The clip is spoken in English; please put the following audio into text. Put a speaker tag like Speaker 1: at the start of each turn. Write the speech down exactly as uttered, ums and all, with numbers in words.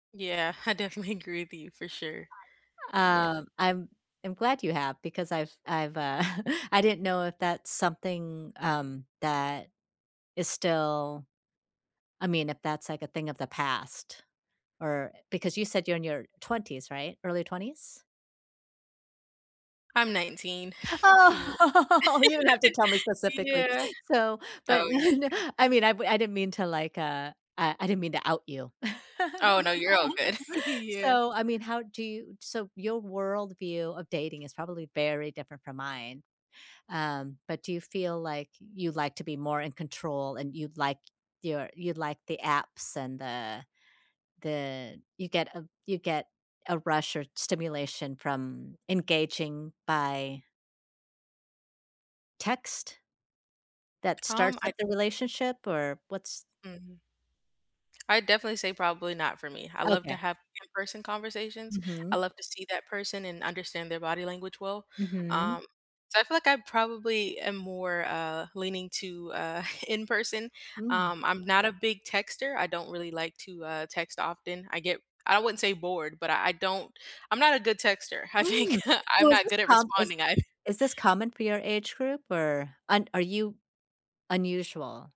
Speaker 1: Yeah, I definitely agree with you for sure. Yeah.
Speaker 2: Um, I'm I'm glad you have, because I've I've, uh I didn't know if that's something, um, that is still I mean, if that's, like, a thing of the past, or, eh because you said you're in your twenties, right? Early twenties?
Speaker 1: I'm nineteen.
Speaker 2: Oh!
Speaker 1: Yeah
Speaker 2: You don't have to tell me specifically.
Speaker 1: Yeah.
Speaker 2: So but,
Speaker 1: Oh, yeah.
Speaker 2: [unintelligible] I mean, I wou I didn't mean to, like, uh Uh, I didn't mean to out you.
Speaker 1: Oh, no, you're all good. Yeah.
Speaker 2: So, I mean, how do you So your worldview of dating is probably very different from mine, um, but do you feel like, you like to be more in control, and you like your you like the apps, and the the You get a You get a rush, or stimulation, from engaging by text that
Speaker 1: Um,
Speaker 2: starts up
Speaker 1: I
Speaker 2: the relationship, or, what's
Speaker 1: Mhm. I'd definitely say, probably not for me. I love to
Speaker 2: Okay.
Speaker 1: have in-person conversations, I
Speaker 2: Mhm.
Speaker 1: love to see that person and understand their body language well.
Speaker 2: Mhm.
Speaker 1: Um, so I feel like I probably am more, uh, leaning to, uh, in-person,
Speaker 2: Mm.
Speaker 1: um, I'm not a big texter, I don't really like to, uh, text often, I get I wouldn't say bored, but I I don't I'm not a good texter. I think,
Speaker 2: Mm!
Speaker 1: I'm
Speaker 2: So is
Speaker 1: not
Speaker 2: this
Speaker 1: good at
Speaker 2: com is
Speaker 1: responding, I
Speaker 2: is this common for your age group, or un Are you unusual?